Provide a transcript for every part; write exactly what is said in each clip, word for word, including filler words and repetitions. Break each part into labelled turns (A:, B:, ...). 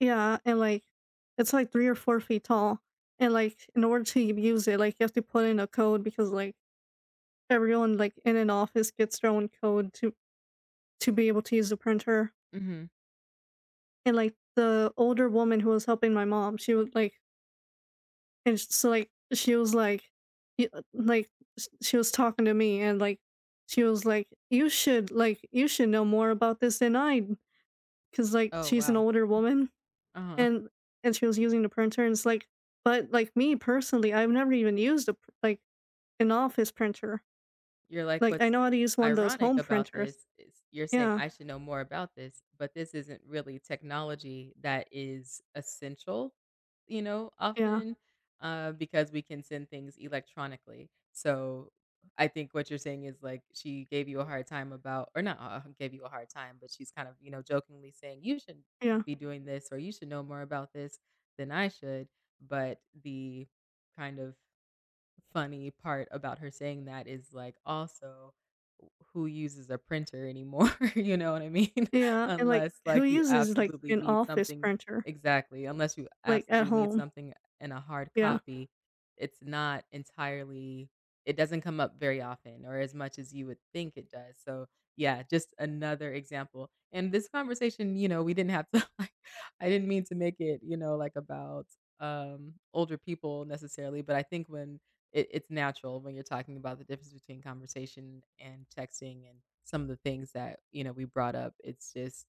A: Yeah, and, like, it's like three or four feet tall, and, like, in order to use it, like, you have to put in a code because, like, everyone, like, in an office gets their own code to to be able to use the printer.
B: Mhm.
A: And, like, the older woman who was helping my mom, she was like and s so, like, she was like y uh, like, sh she was talking to me and, like, she was like, "You should like, you should know more about this than I" 'cause, like,
B: Oh,
A: she's an
B: wow.
A: older woman
B: Uh-huh.
A: and and she was using the printer and it's like but, like, me personally, I've never even used a p like, an office printer.
B: You're like,
A: Like, I
B: "What's
A: know how to use one of those
B: ironic
A: home
B: about
A: printers
B: this is you're saying
A: yeah.
B: I should know more about this, but this isn't really technology that is essential, you know,
A: Yeah.
B: often, uh, because we can send things electronically." So, I think what you're saying is, like, she gave you a hard time about or not, uh, gave you a hard time, but she's kind of, you know, jokingly saying, "You should
A: Yeah.
B: be doing this or you should know more about this than I should," but the kind of funny part about her saying that is, like, also w who uses a printer anymore, you know what I mean?
A: Yeah, and, like,
B: Unless,
A: who
B: like, you
A: uses, like,
B: absolutely
A: an
B: need
A: office
B: something
A: printer?
B: exactly, unless you
A: Like, at
B: absolutely need
A: home.
B: something in a hard
A: Yeah.
B: copy, it's not entirely it doesn't come up very often or as much as you would think it does, so, yeah, just another example. In this conversation, you know, we didn't have to, like I didn't mean to make it, you know, like, about, um, older people necessarily, but I think when it it's natural when you're talking about the difference between conversation and texting and some of the things that, you know, we brought up, it's just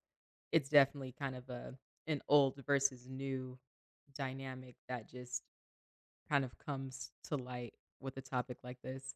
B: it's definitely kind of a an old versus new dynamic that just kind of comes to light with a topic like this.